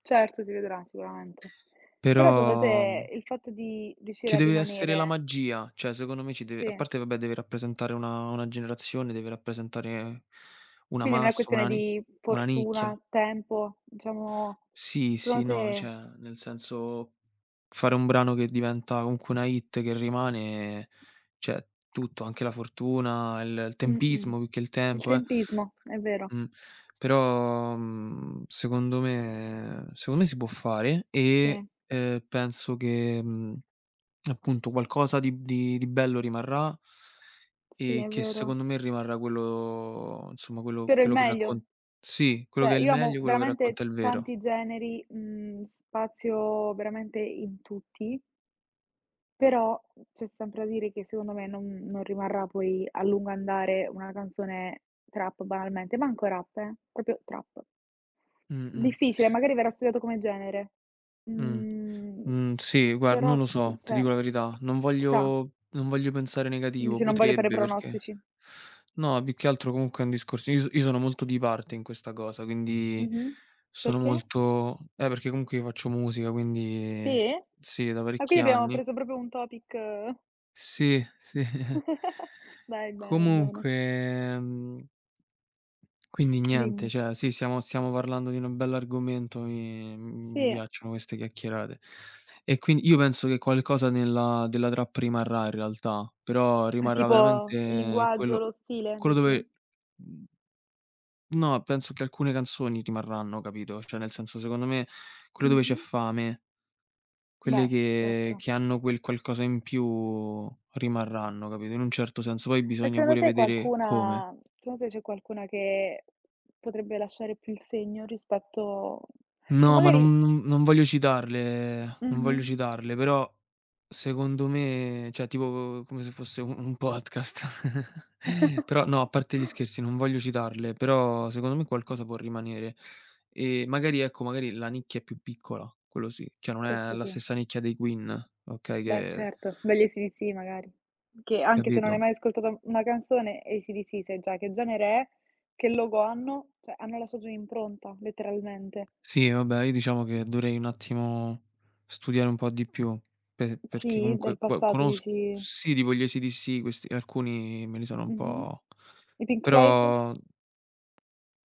Certo, si vedrà sicuramente. Però secondo Però, te mhmm il fatto di riuscire ci a deve essere la rimanere magia, cioè secondo me ci deve a Sì. parte vabbè deve rappresentare una una generazione, deve rappresentare una Quindi non è massa, questione una ni di una fortuna, nicchia. tempo, diciamo Sì, secondo sì no, te cioè, nel senso, fare un brano che diventa comunque una hit che rimane, cioè tutto, anche la fortuna e il Mh-mh. tempismo più che il Il tempo, eh. tempismo, è vero. Mh. Però, mhmm, secondo me secondo me si può fare Sì. e, ehm, penso che, mhmm, appunto qualcosa di di di bello rimarrà Sì, e è che vero. secondo me rimarrà quello insomma, quello Spero il quello che meglio. raccont sì, quello Cioè che è il io amo meglio, quello che veramente racconta il vero. tanti generi, mhmm, spazio veramente in tutti però, mhmm, c'è sempre da dire che secondo me non non rimarrà poi a lungo andare una canzone trap banalmente; manco rap eh, proprio trap. Mh-mh. Difficile, magari verrà studiato come genere. Mh. Mhmm, Mhmm, sì, guard non però lo chi so, ti dico cioè la verità. Non chissà. voglio non voglio pensare negativo, Dici non voglio fare potrebbe perché pronostici. no più che altro comunque è un discorso io io sono molto di parte in questa cosa, quindi Mh-mh. sono Perché? molto eh perché comunque io faccio musica quindi Sì? sì da Ah parecchi quindi abbiamo anni. preso proprio un topic Sì, sì. Dai, bene, bene. Comunque, ehm Quindi niente, Dimmi. cioè sì siamo stiamo parlando di una bell'argomento e, mhmm, mi Sì. piacciono queste chiacchierate. E quin io penso che qualcosa nella della trap rimarrà in realtà, però È rimarrà tipo il veramente linguaggio, quello lo stile, quello dici? dove mhmm No, penso che alcune canzoni rimarranno, capito. Cioè nel senso secondo me quelle dove c'è Mh-mh. fame quelle Beh, che certo. che hanno quel qualcosa in più rimarranno, capito, in un certo senso. Poi E bisogna secondo pure te vedere come. qualcuna secondo te c'è qualcuna che potrebbe lasciare più il segno rispetto che No, ma magari non n non voglio citarle, non voglio Mh-mh. citarle però, secondo me cioè tipo come se fosse u un podcast. Però no, a parte gli scherzi non voglio citarle, però secondo me qualcosa può rimanere. Ehm, magari ecco, magari la nicchia è più piccola quello sì, cioè non è Questo la sì. stessa nicchia dei Queen, okay, Beh che certo, degli ACDC magari. Che anche se non hai Capito? mai ascoltato una canzone, ACDC sai già che genere è, che logo hanno; cioè hanno lasciato un'impronta letteralmente. Sì, no beh, io diciamo che dovrei un attimo studiare un po' di più. Pe Mh, perché sì, del comunque qua passato conos dici sì tipo gli ACDC, questi alcuni me li sono un Mh-mh. po' I Pink Floyd? però